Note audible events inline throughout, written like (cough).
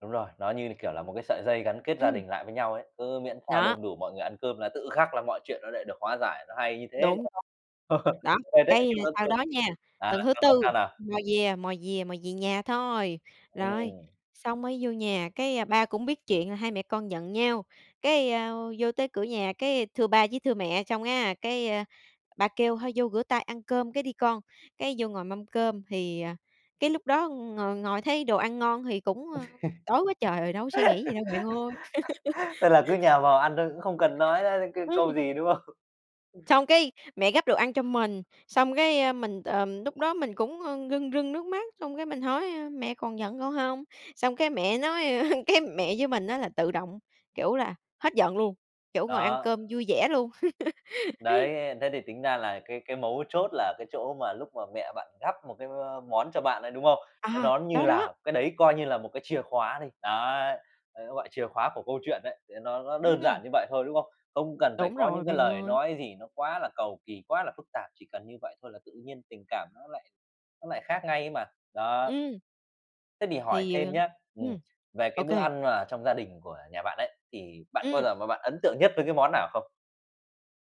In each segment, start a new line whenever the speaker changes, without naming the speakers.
Đúng rồi, nó như là, kiểu là, một cái sợi dây gắn kết gia
Ừm.
đình lại với nhau ấy. Cứ miễn sao
Đó.
đông đủ mọi người ăn cơm là tự khắc là mọi chuyện nó lại được hóa giải, nó hay như thế.
Đúng.
(chuckles)
Đó,
Quên hết cả
cái
cái vết
sau
thương.
đó nha,
À,
tuần thứ
sau đó
4
sao nào?
mò về mò về mò về nhà thôi. Rồi,
Ừm.
xong mới vô nhà, cái, a, ba cũng biết chuyện là hai mẹ con giận nhau, cái, ơ, vô tới cửa nhà, cái, thưa ba với thưa mẹ xong á, cái, a, ba kêu thôi vô rửa tay ăn cơm cái đi con. Cái, vô ngồi mâm cơm thì, à, cái, lúc đó ngồi ngồi thấy đồ ăn ngon thì cũng, ơ, đói quá trời rồi, đâu có suy nghĩ gì đâu bạn ơi.
(laughs) Thế là cứ nhào
(laughs)
vào ăn thôi, cũng không cần nói, a, cái câu
Ừm.
gì, đúng không?
Xong, cái, mẹ gắp đồ ăn cho mình, xong, cái, a, mình, ờ, lúc đó mình cũng, ơ, rưng rưng nước mắt, xong, cái, mình hỏi, a: "Mẹ còn giận con hông?" Xong cái mẹ nói, a cái, mẹ với mình á là tự động, kiểu là, hết giận luôn, kiểu, ngồi ăn
Đó.
cơm vui vẻ luôn. (laughs)
Đấy, thế thì tính ra là cái cái mấu chốt là cái chỗ mà lúc mà mẹ bạn gắp một cái, ơ, món cho bạn ấy, đúng không? Cái
À,
đó như
đó, đó.
là cái đấy coi như là một cái chìa khóa đi, đấy, đấy gọi chìa khóa của câu chuyện đấy, để nó nó đơn
Ừm.
giản như vậy thôi, đúng không? Không cần phải
Đúng
có
rồi,
những cái
bạn
lời
ơi.
nói gì nó quá là cầu kỳ, quá là phức tạp, chỉ cần như vậy thôi là tự nhiên tình cảm nó lại nó lại khác ngay ấy mà. Đó.
Ừm.
Thế thì hỏi
Thì, ờ
thêm nhá, ừm,
ừm,
về
ô
cái bữa
kê.
ăn mà trong gia đình của nhà bạn ấy, thì bạn có bao
Ừm.
giờ mà bạn ấn tượng nhất với cái món nào không?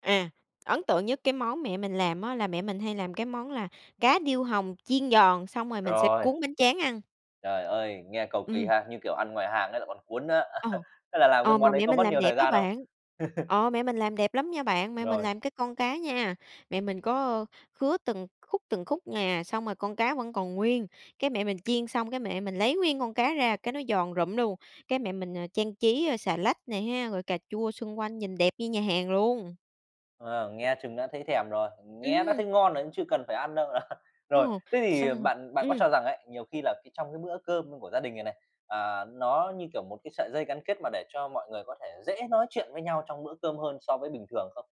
À, ấn tượng nhất cái món mẹ mình làm á, là mẹ mình hay làm cái món là cá điêu hồng chiên giòn, xong rồi mình sẽ
Rồi.
cuốn bánh tráng ăn.
Trời ơi, nghe cầu kỳ
Ừm.
ha, như kiểu ăn ngoài hàng ấy lại còn cuốn nữa.
Ờ.
(chuckles) Thế là làm cái
Ờ,
món
mà
đấy
mẹ
có
mình
mất
làm
nhiều
đẹp
thời
á
gian không?
bạn,
(chuckles)
ờ, mẹ mình làm đẹp lắm nha bạn. Mẹ mình
Rồi.
làm cái con cá nha, mẹ mình có, ơ, khứa từng khúc, từng khúc nè, xong rồi con cá vẫn còn nguyên. Cái, mẹ mình chiên xong, cái, mẹ mình lấy nguyên con cá ra, cái, nó giòn rụm luôn, cái, mẹ mình, ờ, trang trí, a, xà lách nè ha, rồi cà chua xung quanh nhìn đẹp như nhà hàng luôn.
Ờ, nghe chừng đã thấy thèm rồi, nghe đã
Ừm.
thấy ngon rồi cũng chưa cần phải ăn đâu. (chuckles) Rồi,
Ồ!
thế thì
Xong rồi
bạn bạn có
ừm.
cho rằng ấy, nhiều khi là cái trong cái bữa cơm của gia đình này này, à, nó như, kiểu, một cái sợi dây gắn kết, mà để cho mọi người có thể dễ nói chuyện với nhau trong bữa cơm hơn so với bình thường không?